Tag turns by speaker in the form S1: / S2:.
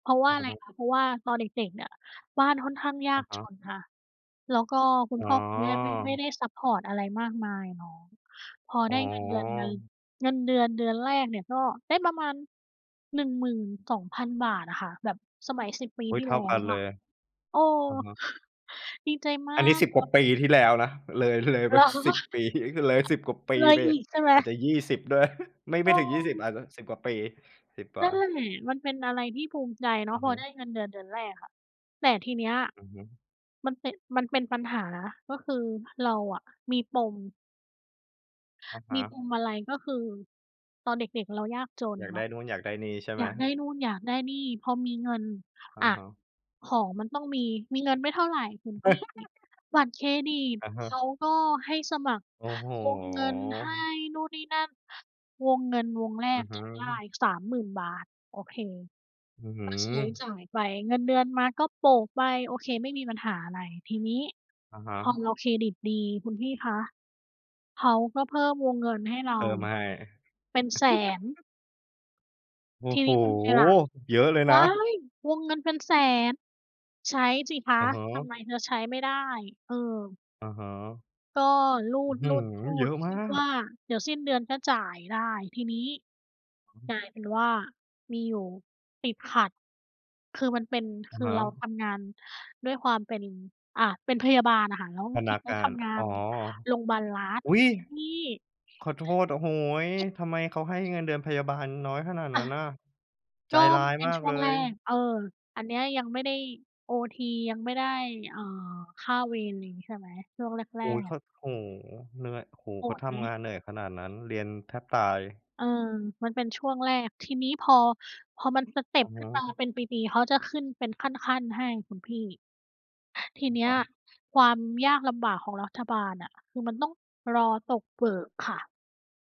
S1: เพราะว่
S2: อื
S1: า
S2: อ
S1: อะไร
S2: ฮึ
S1: คะ เพราะว่าตอนเด็ก ๆ เนี่ย บ้านค่อนข้างย
S2: อ
S1: า
S2: ะ
S1: ก
S2: ฮ
S1: จ
S2: ะ
S1: นค่ะ แล้วก็คุ
S2: อ
S1: ณ
S2: ๋อ
S1: พ่อคุณแม่ไม่ ไม่ได้ซัปพอร์ตอะไรมากมายเนาะ พอ
S2: อ๋
S1: ได
S2: อ
S1: ้เงินเดือน เดือน เงินเดือนเดือนแรกเนี่ย ก็ได้ประมาณ 12,000 บาทอะค่ะ แบบสมัย 10 ปี
S2: อุ๊
S1: ท
S2: ย
S1: ี่
S2: เท่
S1: แล
S2: า
S1: ้
S2: กั
S1: ว
S2: นเล
S1: อะ
S2: ย
S1: เออ
S2: อะฮะ
S1: ดีใจมา
S2: อันนี้
S1: ก
S2: 10
S1: เ
S2: ก
S1: ล
S2: ว่า
S1: ย
S2: ปีที่แล้วนะ เลย เลยไป
S1: เหรอ?
S2: 10 ปี ก เลย 10 กว่าปี
S1: เลย
S2: ไป
S1: อีกใช่ไหม?
S2: อาจจะ 20 ด้วย ฮ ไม่
S1: เ
S2: ไม่ถึง 20
S1: ออ
S2: อาจจะ 10 กว่าปี 10 ก
S1: น
S2: ว่
S1: ั่นแหละ
S2: า
S1: มันเป็นอะไรที่ภูมิใจเนา
S2: อ
S1: ะ
S2: ือ
S1: พ
S2: ฮ
S1: อไ
S2: ึ
S1: ด้เงินเดือนเดือนแรกอะ แต่ทีเนี้ย
S2: อือฮึ
S1: มันเป็น มันเป็นปัญหา ก็คือเราอะมีปม
S2: อะฮ
S1: มีป
S2: ะ
S1: มอะไร ก็คือตอนเด็ก ๆ เรายากจน
S2: อยาก
S1: เ
S2: ไ
S1: น
S2: ด้
S1: าะ
S2: นู่น อยากได้นี่ ใช่ไ
S1: อ
S2: ห
S1: ย
S2: ม?
S1: ากได้นู่นอยากได้นี่ พอมีเงิน
S2: อะ
S1: อา
S2: ฮะ
S1: ของมันต้องมี มีเงินไม่เท่าไรคุณพี่ บัตรเครดิต
S2: อะฮ
S1: เ
S2: ะ
S1: ขาก็ให้สมัคร
S2: โอ้โฮ
S1: วงเงิน ให้นู่น นี่ นั่น วงเงินวงแร
S2: อื
S1: ก
S2: อฮึ
S1: จะได้ 30,000 บาท โอเค
S2: อื้อฮื
S1: ก็ใช้จ
S2: อ
S1: ่ายไป เงินเดือนมาก็โปะไป โอเคไม่มีปัญหาอะไร ทีนี้
S2: อะฮ
S1: พอ
S2: ะ
S1: เราเครดิตดี คุณพี่คะ เขาก็เพิ่มวงเงินให้เร
S2: เพ
S1: า
S2: ิ่มให้
S1: เป็น 100,000
S2: โอ้
S1: ที
S2: โฮ!
S1: นี้ทำไงล่ะ
S2: เยอะเลยน
S1: ว้า
S2: ะ
S1: ย! วงเงินเป็น 100,000 ใช้สิค
S2: อ
S1: ะ
S2: ะฮ
S1: ท
S2: ะ
S1: ำไมเธอใช้ไม่ได้ เออ
S2: อะฮะ
S1: ก็รู
S2: อื้อฮือ! เยอ
S1: ด
S2: ะ
S1: ๆ ๆ ค
S2: มา
S1: ิดว
S2: ก
S1: ่าเดี๋ยวสิ้นเดือนก็จ่ายได้ ทีนี้
S2: อือฮ
S1: ก
S2: ึ
S1: ลายเป็นว่ามีอยู่ ติดขัด คือมันเป็น
S2: อ
S1: ค
S2: ะ
S1: ือ
S2: ฮ
S1: เรา
S2: ะ
S1: ทำงานด้วยความเป็น อา เป็นพยาบาลอะค่ะ แล้ว
S2: พ
S1: ท
S2: นั
S1: ี่
S2: ก
S1: เนี้
S2: ง
S1: ย
S2: า
S1: ท
S2: น
S1: ำงา
S2: อ๋อ
S1: นโรงพยาบาลรัฐ
S2: อุ๊ย!
S1: น
S2: ขอโทษ โอ้โฮ
S1: ที่
S2: ทำไมเขาให้เงินเดือนพยาบาลน้อยขนาด
S1: อ
S2: น
S1: า
S2: ั้นน่ะ ใจ
S1: ก็
S2: ร้าย
S1: เป็น
S2: มา
S1: ช
S2: ก
S1: ่
S2: เ
S1: ว
S2: ล
S1: งแรก
S2: ย
S1: เออ อันเนี้ยยังไม่ได้โอที ยังไม่ได้ อ่า ค่าเวร ไรอย่างงี้ใช่ไหม ช่วงแร
S2: โอ้โฮ เ
S1: ก
S2: ข
S1: ๆ
S2: า โอ้โฮ เหนื่อย โอ้โฮ
S1: โ
S2: เ
S1: ห
S2: ขา
S1: ด
S2: ท
S1: ไห
S2: ำง
S1: ม?
S2: านเหนื่อยขนาดนั้น เรียนแทบตาย
S1: เออ มันเป็นช่วงแรก ทีนี้พอ พอมันสเต็
S2: อ
S1: ป
S2: ะฮ
S1: ขึ้นมา
S2: ะ
S1: เป็นปี ๆ เขาจะขึ้นเป็นขั้น ๆ ให้คุณพี่ ที
S2: อะ
S1: เนี้
S2: ฮ
S1: ย
S2: ะ
S1: ความยากลำบากของรัฐบาลอะ คือมันต้องรอตกเบิกค่ะ